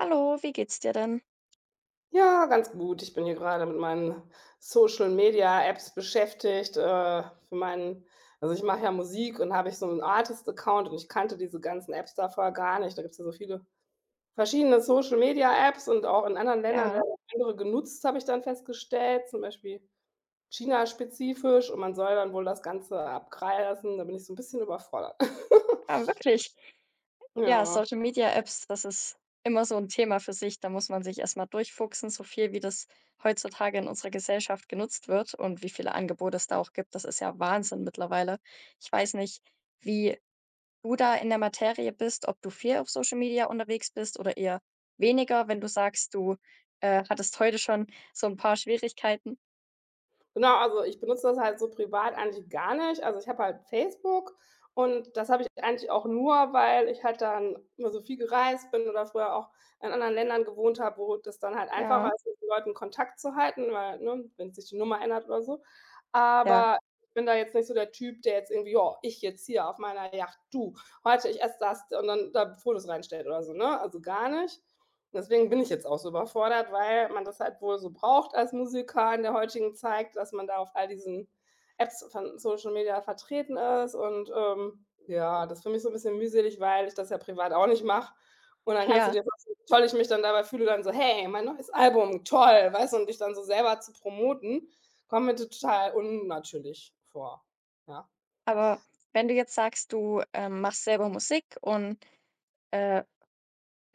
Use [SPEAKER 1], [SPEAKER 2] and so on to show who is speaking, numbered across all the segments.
[SPEAKER 1] Hallo, wie geht's dir denn?
[SPEAKER 2] Ja, ganz gut. Ich bin hier grade mit meinen Social Media-Apps beschäftigt, äh, für meinen Also, ich mache ja Musik und habe ich so 'nen Artist-Account und ich kannte diese ganzen Apps da vorher gar nicht. Da gibt's ja so viele verschiedene Social Media-Apps, und auch in anderen Ländern
[SPEAKER 1] Ja.
[SPEAKER 2] werden andere genutzt, habe ich dann festgestellt, zum Beispiel China spezifisch. Und man soll dann wohl das Ganze [unintelligible] lassen. Da bin ich so 'n bisschen überfordert.
[SPEAKER 1] Ah, wirklich? Ja,
[SPEAKER 2] Ja.
[SPEAKER 1] Social Media Apps, das ist immer so 'n Thema für sich. Da muss man sich erst mal durchfuchsen, so viel wie das heutzutage in unserer Gesellschaft genutzt wird und wie viele Angebote es da auch gibt. Das ist ja Wahnsinn mittlerweile. Ich weiß nicht, wie du da in der Materie bist, ob du viel auf Social Media unterwegs bist oder eher weniger, wenn du sagst, du, äh, hattest heute schon so 'n paar Schwierigkeiten.
[SPEAKER 2] Genau, also, ich benutze das halt so privat eigentlich gar nicht. Also, ich habe halt Facebook und das habe ich eigentlich auch nur, weil ich halt dann immer so viel gereist bin oder früher auch in anderen Ländern gewohnt habe, wo das dann halt
[SPEAKER 1] Ja.
[SPEAKER 2] einfacher ist, mit so Leuten Kontakt zu halten. Weil, ne, wenn sich die Nummer ändert oder so.
[SPEAKER 1] Ja.
[SPEAKER 2] Aber ich bin da jetzt nicht so der Typ, der jetzt irgendwie „Ja, ich jetzt hier auf meiner Yacht, du, heute, ich esse das“ und dann da Fotos reinstellt oder so, ne, also gar nicht. Und deswegen bin ich jetzt auch so überfordert, weil man das halt wohl so braucht als Musiker in der heutigen Zeit, dass man da auf all diesen Apps von Social Media vertreten ist. Und, ähm, ja, das finde ich so 'n bisschen mühselig, weil ich das ja privat auch nicht mache. Und dann kannst du
[SPEAKER 1] Ja.
[SPEAKER 2] dir vorstellen, wie toll ich mich dann dabei fühle, dann so: „Hey, mein neues Album, toll“, weißt du? Und dich dann so selber zu promoten, kommt mir total unnatürlich vor, ja.
[SPEAKER 1] Aber wenn du jetzt sagst, du, äh, machst selber Musik und, äh,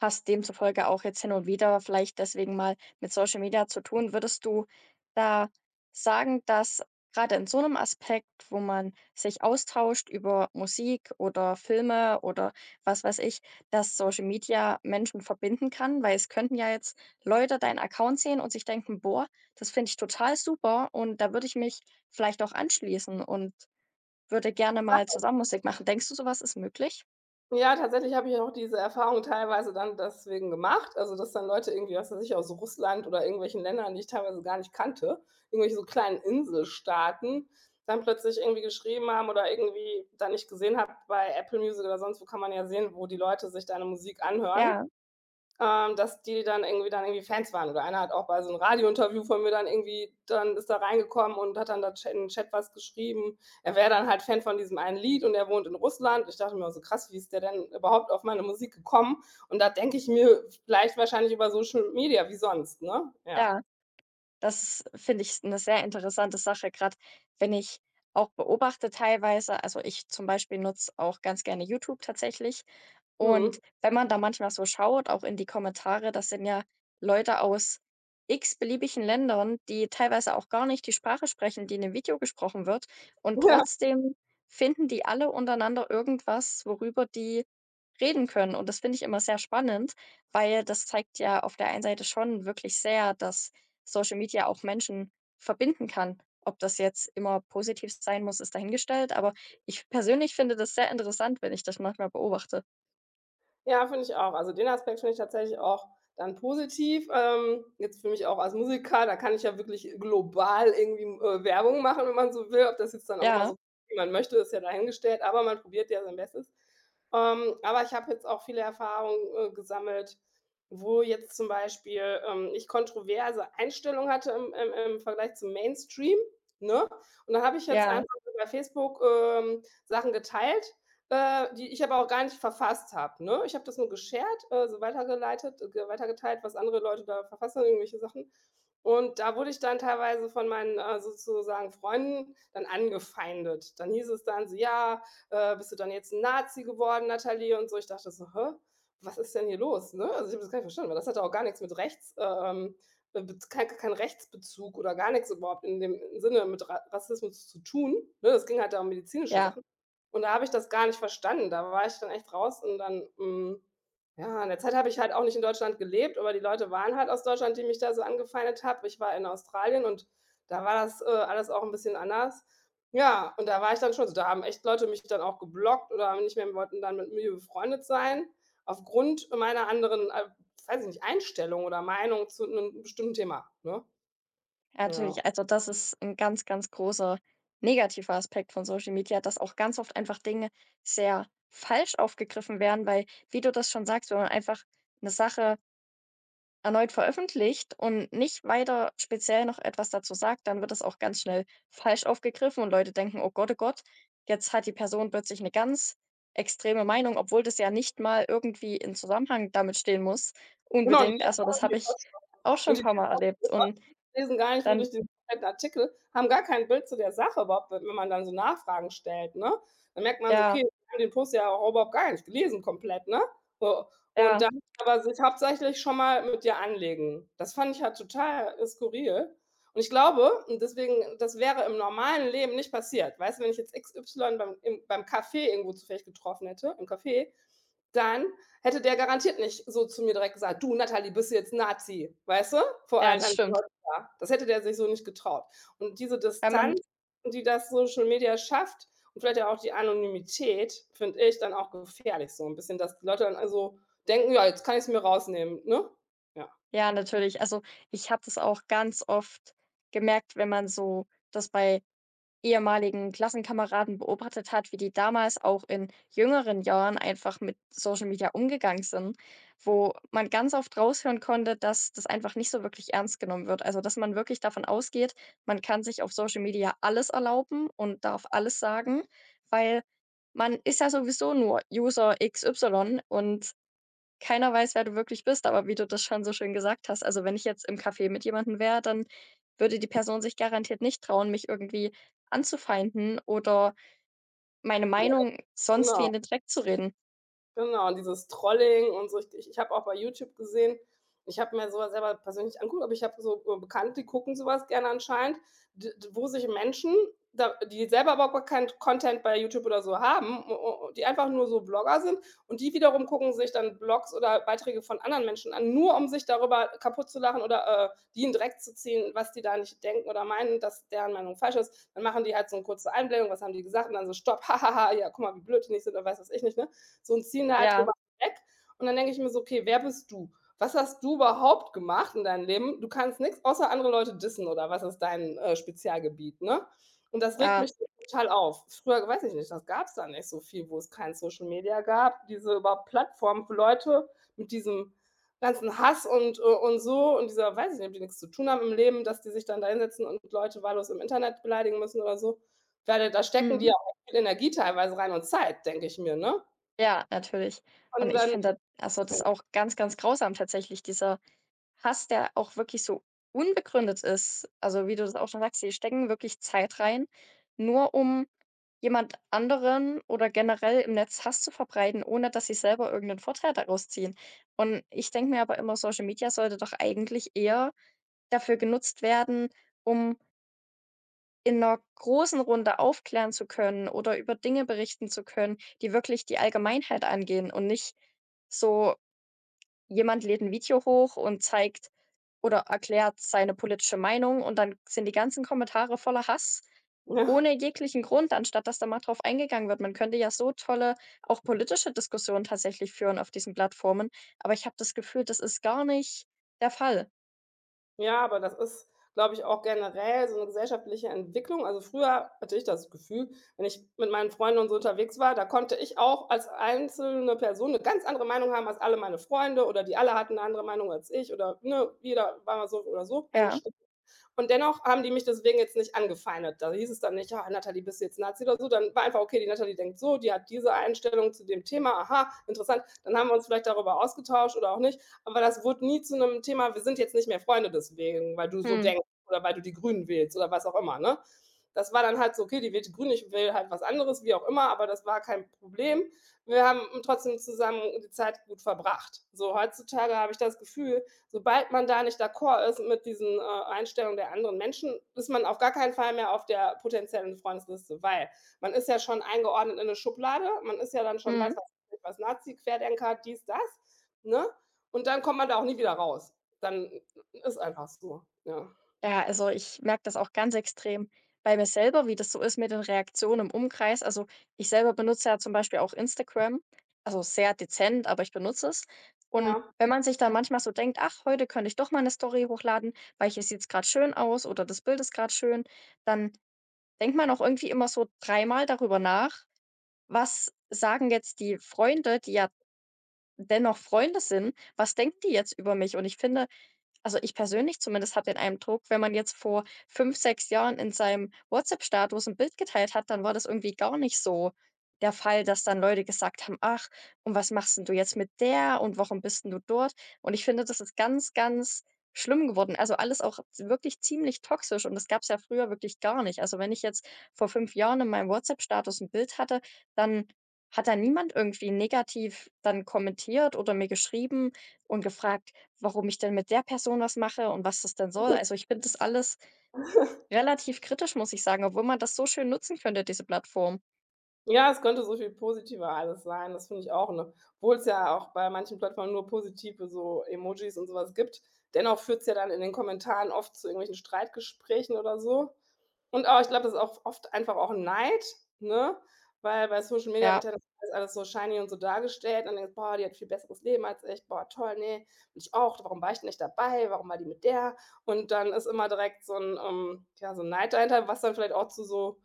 [SPEAKER 1] hast demzufolge auch jetzt hin und wieder vielleicht deswegen mal mit Social Media zu tun, würdest du da sagen, dass grade in so 'nem Aspekt, wo man sich austauscht über Musik oder Filme oder was weiß ich, dass Social Media Menschen verbinden kann? Weil es könnten ja jetzt Leute deinen Account sehen und sich denken: „Boah, das finde ich total super, und da würde ich mich vielleicht auch anschließen und würde gerne mal
[SPEAKER 2] Tatsache.
[SPEAKER 1] zusammen Musik machen.“ Denkst du, so was ist möglich?
[SPEAKER 2] Ja, tatsächlich habe ich auch diese Erfahrung teilweise dann deswegen gemacht, also, dass dann Leute irgendwie, was weiß ich, aus Russland oder irgendwelchen Ländern, die ich teilweise gar nicht kannte, irgendwelche so kleinen Inselstaaten, dann plötzlich irgendwie geschrieben haben oder irgendwie dann ich gesehen habe- bei Apple Music oder sonst wo, kann man ja sehen, wo die Leute sich deine Musik anhören-
[SPEAKER 1] Ja.
[SPEAKER 2] ähm, dass die dann irgendwie dann irgendwie Fans waren. Oder einer hat auch bei so 'n Radiointerview von mir dann irgendwie dann ist da reingekommen und hat dann da Ch in 'n Chat was geschrieben. Er wäre dann halt Fan von diesem einen Lied und er wohnt in Russland. Ich dachte mir, oh, so krass, wie ist der denn überhaupt auf meine Musik gekommen? Und da denke ich mir vielleicht wahrscheinlich über Social Media. Wie sonst, ne? Ja.
[SPEAKER 1] Ja, das ist finde ich, ist 'ne sehr interessante Sache grad, wenn ich auch beobachte teilweise Also, ich zum Beispiel nutze auch ganz gerne YouTube tatsächlich. Und
[SPEAKER 2] Mhm.
[SPEAKER 1] wenn man da manchmal so schaut, auch in die Kommentare, das sind ja Leute aus x-beliebigen Ländern, die teilweise auch gar nicht die Sprache sprechen, die in dem Video gesprochen wird. Und
[SPEAKER 2] Ja.
[SPEAKER 1] trotzdem finden die alle untereinander irgendwas, worüber die reden können. Und das finde ich immer sehr spannend, weil das zeigt ja auf der einen Seite schon wirklich sehr, dass Social Media auch Menschen verbinden kann. Ob das jetzt immer positiv sein muss, ist dahingestellt, aber ich persönlich finde das sehr interessant, wenn ich das manchmal beobachte.
[SPEAKER 2] Ja, finde ich auch. Also, den Aspekt finde ich tatsächlich auch dann positiv. Ähm, jetzt für mich auch als Musiker, da kann ich ja wirklich global irgendwie, äh, Werbung machen, wenn man so will, ob das jetzt dann auch immer
[SPEAKER 1] Ja.
[SPEAKER 2] so wie man möchte, ist ja dahingestellt. Aber man probiert ja sein Bestes. Ähm, aber ich habe jetzt auch viele Erfahrungen, äh, gesammelt, wo jetzt zum Beispiel, ähm, ich kontroverse Einstellungen hatte im im im Vergleich zum Mainstream, ne? Und da habe ich jetzt
[SPEAKER 1] Ja.
[SPEAKER 2] einfach bei Facebook, ähm, Sachen geteilt, äh, die ich aber auch gar nicht verfasst habe, ne? Ich habe das nur geshared, also, weitergeleitet, g weiter geteilt, was andere Leute da verfasst haben, irgendwelche Sachen. Und da wurde ich dann teilweise von meinen, äh, sozusagen Freunden dann angefeindet. Dann hieß es dann so: „Ja, äh, bist du dann jetzt 'n Nazi geworden, Natalie?“ und so. Ich dachte so: „Hä? Was ist denn hier los“, ne? Also ich habe das gar nicht verstanden, weil das hatte auch gar nix mit rechts, äh, ähm, Bet kei kein kein Rechtsbezug oder gar nix überhaupt in dem Sinne mit Ra Rassismus zu tun, ne? Es ging halt da um medizinische
[SPEAKER 1] Ja.
[SPEAKER 2] Sachen. Und da habe ich das gar nicht verstanden. Da war ich dann echt raus und dann hm, ja, in der Zeit habe ich halt auch nicht in Deutschland gelebt, aber die Leute waren halt aus Deutschland, die mich da so angefeindet hat. Ich war in Australien und da war das, äh, alles auch 'n bisschen anders. Ja, und da war ich dann schon so da haben echt Leute mich dann auch geblockt oder haben nicht mehr wollten dann mit mir befreundet sein aufgrund meiner anderen, äh, weiß ich nicht, Einstellung oder Meinung zu 'nem bestimmten Thema, ne?
[SPEAKER 1] A
[SPEAKER 2] Ja.
[SPEAKER 1] natürlich, also, das ist 'n ganz, ganz großer negativer Aspekt von Social Media, dass auch ganz oft einfach Dinge sehr falsch aufgegriffen werden. Weil wie du das schon sagst, wenn man einfach 'ne Sache erneut veröffentlicht und nicht weiter speziell noch etwas dazu sagt, dann wird das auch ganz schnell falsch aufgegriffen und Leute denken: „Oh Gott, oh Gott, jetzt hat die Person plötzlich 'ne ganz extreme Meinung“, obwohl das ja nicht mal irgendwie in Zusammenhang damit stehen muss,
[SPEAKER 2] Genau,.
[SPEAKER 1] unbedingt. Also, das habe ich auch schon paarmal erlebt und
[SPEAKER 2] [unintelligible] Lesen gar nicht,
[SPEAKER 1] dann
[SPEAKER 2] wirklich den Artikel, haben gar kein Bild zu der Sache überhaupt, wenn man dann so Nachfragen stellt, ne? Da merkt man so:
[SPEAKER 1] Ja.
[SPEAKER 2] „Okay, die haben den Post ja auch überhaupt gar nicht gelesen komplett“, ne? So, und
[SPEAKER 1] Ja.
[SPEAKER 2] dann aber sich hauptsächlich schon mal mit dir anlegen. Das fand ich halt total skurril. Und ich glaube und deswegen, das wäre im normalen Leben nicht passiert, weißt du, wenn ich jetzt x y beim im beim Kaffee irgendwo zufällig getroffen hätte, im Café, dann hätte der garantiert nicht so zu mir direkt gesagt: „Du Natalie, bist du jetzt 'n Nazi?“ Weißt du? Vor
[SPEAKER 1] Ja,
[SPEAKER 2] allen
[SPEAKER 1] das
[SPEAKER 2] anderen
[SPEAKER 1] stimmt.
[SPEAKER 2] Leute da. Das hätte der sich so nicht getraut. Und diese
[SPEAKER 1] Wenn man
[SPEAKER 2] Distanz, die das Social Media schafft und vielleicht ja auch die Anonymität, finde ich dann auch gefährlich so 'n bisschen, dass die Leute dann also denken: „Ja, jetzt kann ich's mir rausnehmen“, ne? Ja.
[SPEAKER 1] Ja, natürlich. Also, ich habe das auch ganz oft gemerkt, wenn man so das bei ehemaligen Klassenkameraden beobachtet hat, wie die damals auch in jüngeren Jahren einfach mit Social Media umgegangen sind, wo man ganz oft raushören konnte, dass das einfach nicht so wirklich ernst genommen wird. Also dass man wirklich davon ausgeht, man kann sich auf Social Media alles erlauben und darf
[SPEAKER 2] Ja.
[SPEAKER 1] alles sagen, weil man ist ja sowieso nur User x y und keiner weiß, wer du wirklich bist, aber wie du das schon so schön gesagt hast. Also, wenn ich jetzt im Café mit jemandem wäre, dann würde die Person sich garantiert nicht trauen, mich irgendwie anzufeinden oder meine
[SPEAKER 2] Ja,
[SPEAKER 1] Meinung sonst wie
[SPEAKER 2] genau.
[SPEAKER 1] in den Dreck zu reden.
[SPEAKER 2] Genau, und dieses Trolling und so. Ich ich habe auch bei Youtube gesehen ich habe mir so was selber persönlich nicht angeguckt, aber ich habe so Bekannte, die gucken so was gerne anscheinend, d wo sich Menschen, da die selber überhaupt gar keinen Content bei Youtube oder so haben, u u und die einfach nur so Blogger sind und die wiederum gucken sich dann Blogs oder Beiträge von anderen Menschen an, nur um sich darüber kaputtzulachen oder, äh, die in Dreck zu ziehen, was die da nicht denken oder meinen, dass deren Meinung falsch ist. Dann machen die halt so 'ne kurze Einblendung „Was haben die gesagt?“ Und dann so stopp „Ha ha ha, ja, guck mal, wie blöd die nicht sind“, oder weiß ich nicht, ne? So, und ziehen da halt
[SPEAKER 1] Ja.
[SPEAKER 2] drüber weg. Und dann denke ich mir so: „Okay, wer bist du? Was hast du überhaupt gemacht in deinem Leben? Du kannst nichts, außer andere Leute dissen oder was ist dein, äh, Spezialgebiet“, ne? Und das regt
[SPEAKER 1] Ja.
[SPEAKER 2] mich total auf. Früher, weiß ich nicht das gab's da nicht so viel, wo es kein Social Media gab, diese überhaupt Plattform für Leute mit diesem ganzen Hass und, äh, und so und dieser weiß ich nicht, ob die nichts zu tun haben im Leben, dass die sich dann da hinsetzen und Leute wahllos im Internet beleidigen müssen oder so. Ich meine, da stecken die
[SPEAKER 1] Mhm.
[SPEAKER 2] ja auch viel Energie teilweise rein und Zeit, denke ich mir, ne?
[SPEAKER 1] Ja, natürlich. Und
[SPEAKER 2] Und
[SPEAKER 1] ich
[SPEAKER 2] dann
[SPEAKER 1] finde das also das
[SPEAKER 2] [unintelligible]
[SPEAKER 1] auch ganz, ganz grausam tatsächlich, dieser Hass, der auch wirklich so unbegründet ist. Also, wie du das auch schon sagst, sie stecken wirklich Zeit rein, nur um jemand anderen oder generell im Netz Hass zu verbreiten, ohne dass sie selber irgend 'nen Vorteil daraus ziehen. Und ich denke mir aber immer, Social Media sollte doch eigentlich eher dafür genutzt werden, um in 'ner großen Runde aufklären zu können oder über Dinge berichten zu können, die wirklich die Allgemeinheit angehen und nicht so, jemand lädt 'n Video hoch und zeigt oder erklärt seine politische Meinung und dann sind die ganzen Kommentare voller Hass,
[SPEAKER 2] Ja.
[SPEAKER 1] ohne jeglichen Grund, anstatt dass da mal drauf eingegangen wird. Man könnte ja so tolle auch politische Diskussionen tatsächlich führen auf diesen Plattformen, aber ich habe das Gefühl, das ist gar nicht der Fall.
[SPEAKER 2] Ja, aber das ist, glaube ich, auch generell so 'ne gesellschaftliche Entwicklung. Also, früher hatte ich das Gefühl, wenn ich mit meinen Freunden und so unterwegs war, da konnte ich auch als einzelne Person 'ne ganz andere Meinung haben als alle meine Freunde, oder die alle hatten eine andere Meinung als ich oder, ne, jeder war mal so oder so
[SPEAKER 1] Ja.
[SPEAKER 2] eingestellt. Und dennoch haben die mich deswegen jetzt nicht angefeindet. Da hieß es dann nicht: „Ah, Natalie, bist du jetzt Nazi oder so?“ Dann war einfach: „Okay, die Natalie denkt so, die hat diese Einstellung zu dem Thema, aha, interessant“. Dann haben wir uns vielleicht darüber ausgetauscht oder auch nicht. Aber das wurde nie zu 'nem Thema, „Wir sind jetzt nicht mehr Freunde deswegen, weil du so
[SPEAKER 1] Mhm.
[SPEAKER 2] denkst“, oder „Weil du die Grünen wählst“, oder was auch immer, ne? Das war dann halt so: „Okay, die wählt die Grünen, ich wähle halt was anderes“, wie auch immer, aber das war kein Problem. Wir haben trotzdem zusammen die Zeit gut verbracht. So, heutzutage habe ich das Gefühl, sobald man da nicht d'accord ist mit diesen, äh, Einstellungen der anderen Menschen, ist man auf gar keinen Fall mehr auf der potenziellen Freundesliste. Weil man ist ja schon eingeordnet in 'ne Schublade. Man ist ja dann schon
[SPEAKER 1] Mhm.
[SPEAKER 2] weiß was ich was, Nazi, Querdenker, dies, das, ne? Und dann kommt man da auch nie wieder raus. Dann i ist einfach so, ja.
[SPEAKER 1] Ja, also, ich merke das auch ganz extrem bei mir selber, wie das so ist mit den Reaktionen im Umkreis. Also, ich selber benutze ja zum Beispiel auch Instagram, also, sehr dezent, aber ich benutze es. Und
[SPEAKER 2] Ja.
[SPEAKER 1] wenn man sich dann manchmal so denkt: „Ach, heute könnte ich doch mal 'ne Story hochladen, weil hier sieht's grad schön aus“, oder das Bild ist grad schön, dann denkt man auch irgendwie immer so dreimal darüber nach: „Was sagen jetzt die Freunde?“, die ja dennoch Freunde sind, „Was denken die jetzt über mich?“ Und ich finde also, ich persönlich zumindest habe den Eindruck, wenn man jetzt vor 5, 6 Jahren in seinem WhatsApp-Status 'n Bild geteilt hat, dann war das irgendwie gar nicht so der Fall, dass dann Leute gesagt haben: „Ach, und was machst 'n du jetzt mit der?!“ und: „Warum bist 'n du dort?“ Und ich finde, das ist ganz, ganz schlimm geworden. Also, alles auch wirklich ziemlich toxisch und das gab's ja früher wirklich gar nicht. Also, wenn ich jetzt vor 5 Jahren in meinem WhatsApp-Status 'n Bild hatte, dann hat da niemand irgendwie negativ dann kommentiert oder mir geschrieben und gefragt, warum ich denn mit der Person was mache und was das denn soll.
[SPEAKER 2] Mhm.
[SPEAKER 1] Also, ich finde das alles relativ kritisch, muss ich sagen, obwohl man das so schön nutzen könnte, diese Plattform.
[SPEAKER 2] Ja, es könnte so viel positiver alles sein. Das finde ich auch, ne? Obwohl's ja auch bei manchen Plattformen nur positive so Emojis und so was gibt. Dennoch führt's ja dann in den Kommentaren oft zu irgendwelchen Streitgesprächen oder so. Und aber ich glaube, das ist auch oft einfach auch Neid, ne, weil bei Social Media
[SPEAKER 1] Ja.
[SPEAKER 2] wird ja alles so shiny und so dargestellt und dann denkst du: „Boah, die hat viel besseres Leben als ich. Boah, toll, ne, will ich auch. Warum war ich denn nicht dabei? Warum war die mit der?“ Und dann ist immer direkt so 'n ähm, ja, so 'n Neid dahinter, was dann vielleicht auch zu so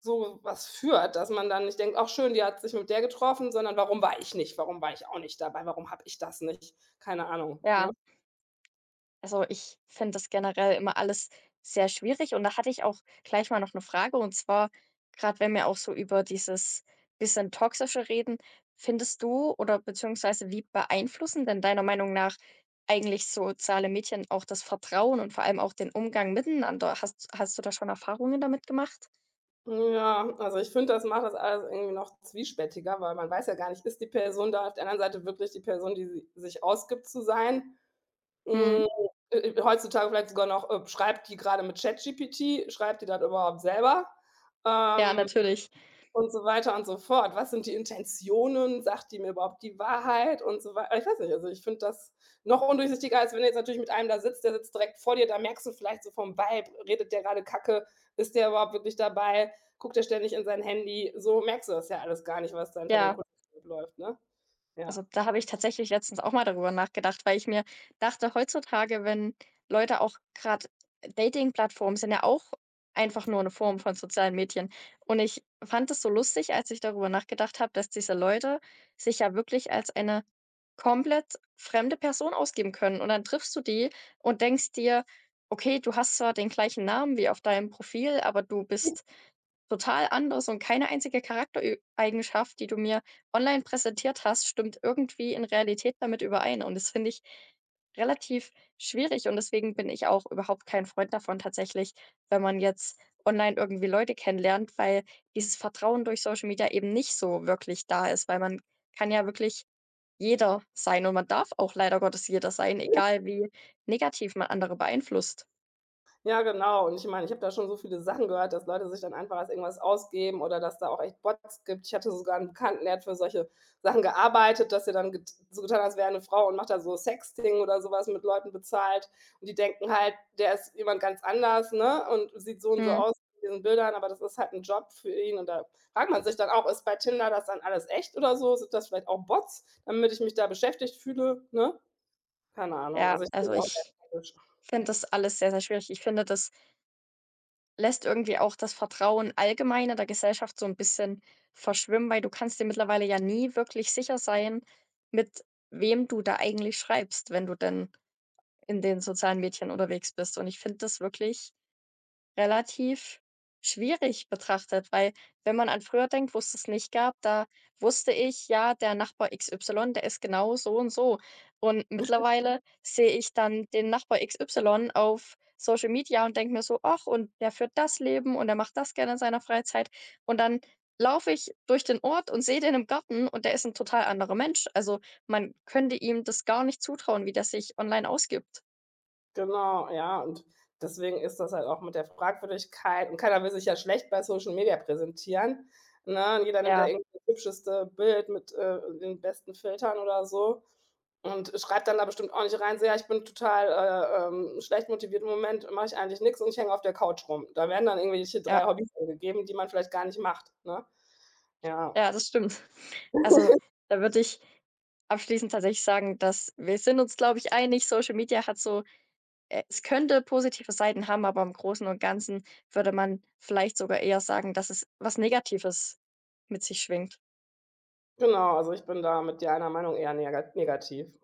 [SPEAKER 2] so was führt, dass man dann nicht denkt: „Ach schön, die hat sich mit der getroffen“, sondern „Warum war ich nicht? Warum war ich auch nicht dabei? Warum habe ich das nicht?“ Keine Ahnung, ne?
[SPEAKER 1] Ja, Also, ich finde das generell immer alles sehr schwierig, und da hatte ich auch gleich mal noch 'ne Frage. Und zwar, grad, wenn wir auch so über dieses bisschen Toxische reden, findest du oder beziehungsweise wie beeinflussen denn deiner Meinung nach eigentlich soziale Medien auch das Vertrauen und vor allem auch den Umgang miteinander? Hast hast du da schon Erfahrungen damit gemacht?
[SPEAKER 2] Mhm, ja, also, ich finde, das macht das alles irgendwie noch zwiespältiger, weil man weiß ja gar nicht, ist die Person da auf der anderen Seite wirklich die Person, die sie sich ausgibt zu sein.
[SPEAKER 1] Mhm.
[SPEAKER 2] Hm. Äh, äh, heutzutage vielleicht sogar noch, äh, schreibt die grade mit ChatGPT? Schreibt die das überhaupt selber?
[SPEAKER 1] Ja,
[SPEAKER 2] Ähm,
[SPEAKER 1] natürlich.
[SPEAKER 2] und so weiter und so fort. Was sind die Intentionen? Sagt die mir überhaupt die Wahrheit und so wei a ich weiß nicht, also, ich finde das noch undurchsichtiger, als wenn du jetzt natürlich mit einem da sitzt, der sitzt direkt vor dir. Da merkst du vielleicht so vom Vibe, redet der grade Kacke? Ist der überhaupt wirklich dabei? Guckt der ständig in sein Handy? So merkst du das ja alles gar nicht, was da hinter den
[SPEAKER 1] Ja.
[SPEAKER 2] Kulissen noch läuft, ne? Ja.
[SPEAKER 1] Also, da habe ich tatsächlich letztens auch mal darüber nachgedacht. Weil ich mir dachte heutzutage, wenn Leute auch grad Datingplattformen sind ja auch einfach nur 'ne Form von sozialen Medien. Und ich fand das so lustig, als ich darüber nachgedacht habe, dass diese Leute sich ja wirklich als eine komplett fremde Person ausgeben können. Und dann triffst du die und denkst dir: „Okay, du hast zwar den gleichen Namen wie auf deinem Profil, aber du bist total anders und keine einzige Charakterö Eigenschaft, die du mir online präsentiert hast, stimmt irgendwie in Realität damit überein.“ Und das finde ich relativ schwierig. Und deswegen bin ich auch überhaupt kein Freund davon tatsächlich, wenn man jetzt online irgendwie Leute kennenlernt, weil dieses Vertrauen durch Social Media eben nicht so wirklich da ist. Weil man kann ja wirklich jeder sein, und man darf auch leider Gottes jeder sein, egal wie negativ man andere beeinflusst.
[SPEAKER 2] Ja, genau. Und ich meine, ich habe da schon so viele Sachen gehört, dass Leute sich dann einfach als irgendwas ausgeben oder dass da auch echt Bots gibt. Ich hatte sogar 'n Bekannten, der hat für solche Sachen gearbeitet, dass der dann get so getan hat, als wäre er 'ne Frau und macht da so Sexting oder so was mit Leuten bezahlt. Und die denken halt, der ist jemand ganz anders, ne? Und sieht so und so
[SPEAKER 1] Mhm.
[SPEAKER 2] aus in diesen Bildern, aber das ist halt 'n Job für ihn. Und da fragt man sich dann auch: „Ist bei Tinder das dann alles echt oder so? Sind das vielleicht auch Bots, damit ich mich da beschäftigt fühle“, ne? Keine Ahnung.
[SPEAKER 1] Ja,
[SPEAKER 2] Also, ich bin
[SPEAKER 1] also,
[SPEAKER 2] da auch sehr
[SPEAKER 1] ich
[SPEAKER 2] skeptisch.
[SPEAKER 1] finde das alles sehr, sehr schwierig. Ich finde, das lässt irgendwie auch das Vertrauen allgemein in der Gesellschaft so 'n bisschen verschwimmen, weil du kannst dir mittlerweile ja nie wirklich sicher sein, mit wem du da eigentlich schreibst, wenn du denn in den sozialen Medien unterwegs bist. Und ich finde das wirklich, relativ schwierig betrachtet, weil wenn man an früher denkt, wo's das nicht gab, da wusste ich: Ja, der Nachbar X Y, der ist genau so und so. Und
[SPEAKER 2] [unintelligible]
[SPEAKER 1] mittlerweile sehe ich dann den Nachbar X Y auf Social Media und denke mir so: „Ach, und der führt das Leben und der macht das gerne in seiner Freizeit“, und dann laufe ich durch den Ort und sehe den im Garten und der ist 'n total anderer Mensch. Also, man könnte ihm das gar nicht zutrauen, wie der sich online ausgibt.
[SPEAKER 2] Genau, ja, und deswegen ist das halt auch mit der Fragwürdigkeit und keiner will sich ja schlecht bei Social Media präsentieren, ne? Und jeder nimmt da
[SPEAKER 1] Ja.
[SPEAKER 2] irgendwie hübscheste Bild mit, äh, den besten Filtern oder so und schreibt dann da bestimmt auch nicht rein, so: „Ja ich, bin total, äh, ähm, schlecht motiviert, im Moment mache ich eigentlich nix und ich hänge auf der Couch rum“. Da werden dann irgendwelche
[SPEAKER 1] Ja.
[SPEAKER 2] 3 Hobbys angegeben, die man vielleicht gar nicht macht, ne? Ja.
[SPEAKER 1] Ja, das stimmt. Also, da würde ich abschließend tatsächlich sagen, dass wir sind uns, glaube ich, einig, Social Media hat so e es könnte positive Seiten haben, aber im Großen und Ganzen würde man vielleicht sogar eher sagen, dass es was Negatives mit sich schwingt.
[SPEAKER 2] Genau, also, ich bin da, mit dir einer Meinung, eher nega negativ.